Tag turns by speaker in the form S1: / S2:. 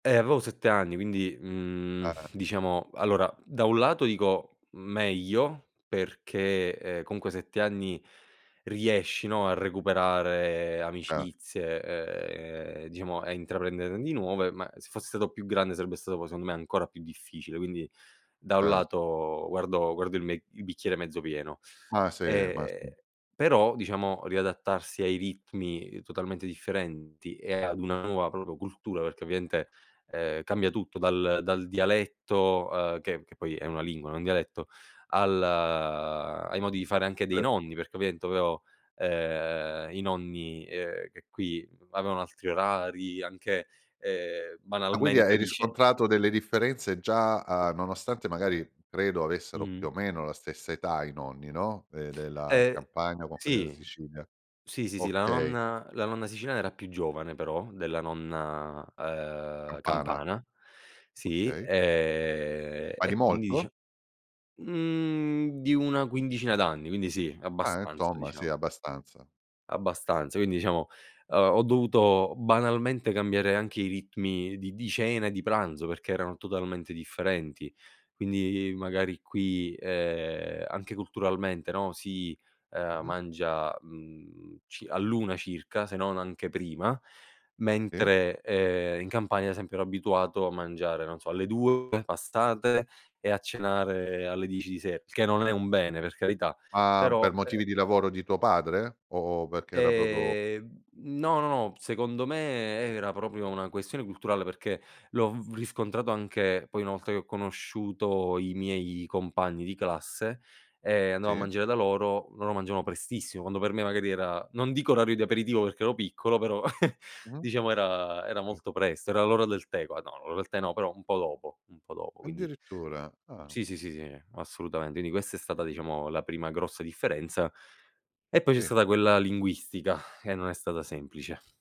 S1: Eh, avevo 7 anni, quindi, mhmm,
S2: Ah.
S1: diciamo, allora, da un lato dico meglio, perché, ehm, comunque, 7 anni, riesci, no, a recuperare
S2: Ah.
S1: amicizie, ehm, diciamo, a intraprenderne di nuove. Ma se fossi stato più grande, sarebbe stato, poi, secondo me, ancora più difficile. Quindi, da un
S2: Cert
S1: lato, guardo guardo il mec il bicchiere mezzo pieno.
S2: Ma sì ma sì.
S1: E però, diciamo, riadattarsi ai ritmi totalmente differenti e ad una nuova, proprio, cultura, perché, ovviamente, ehm, cambia tutto dal dal dialetto, ehm, che che poi è una lingua, non un dialetto, al ai modi di fare anche dei
S2: Eh.
S1: nonni. Perché, ovviamente, ehm, i nonni, ehm, che qui avevano altri orari, anche, ehm,
S2: Ah quindi
S1: banalmente
S2: hai
S1: dice
S2: riscontrato delle differenze già a nonostante magari, credo avessero più
S1: Mh-mh.
S2: o meno la stessa età i nonni, no, ehm della
S1: Eh,
S2: Campania con quelli della
S1: sì.
S2: Sicilia.
S1: Sì, sì, sì. La
S2: Okay.
S1: nonna la nonna siciliana era più giovane, però, della nonna, ehm,
S2: Campana.
S1: campana. Sì,
S2: Okay.
S1: ehm,
S2: Ma di
S1: e quindi,
S2: molto?
S1: dice, mhmm, di una quindicina d'anni, quindi sì,
S2: Eh
S1: abbastanza,
S2: insomma sì,
S1: diciamo
S2: abbastanza.
S1: abbastanza, quindi, diciamo, ehm, ho dovuto banalmente cambiare anche i ritmi di di cena e di pranzo perché erano totalmente differenti. Quindi, magari qui, ehm, anche culturalmente, no, si, ehm,
S2: Mh-mh.
S1: mangia, mhmm, ci all'1 circa, se non anche prima,
S2: Sì.
S1: mentre, ehm, in Campania, ad esempio, ero abituato a mangiare, non so, alle 2 passate e a cenare alle 10 di se che non è un bene, per carità,
S2: Ma
S1: però,
S2: per
S1: eh
S2: motivi di
S1: eh
S2: lavoro di tuo padre? O o perché era proprio?
S1: ehm, no, no, no, secondo me era proprio una questione culturale perché l'ho v riscontrato anche poi una volta che ho conosciuto i miei compagni di classe e andavo a
S2: Sì.
S1: mangiare da loro. Loro mangiavano prestissimo quando per me, magari, era non dico orario di aperitivo perché ero piccolo, però
S2: Mh-mh.
S1: diciamo, era era
S2: Sì.
S1: molto presto. Era l'ora del tè qua, no, l'ora del tè no, però un po' dopo un po' dopo. Quindi
S2: Addirittura. Ah.
S1: sì, sì, sì, sì, assolutamente. Quindi, questa è stata, diciamo, la prima grossa differenza, e poi c'è
S2: Sì.
S1: stata quella linguistica che non è stata semplice.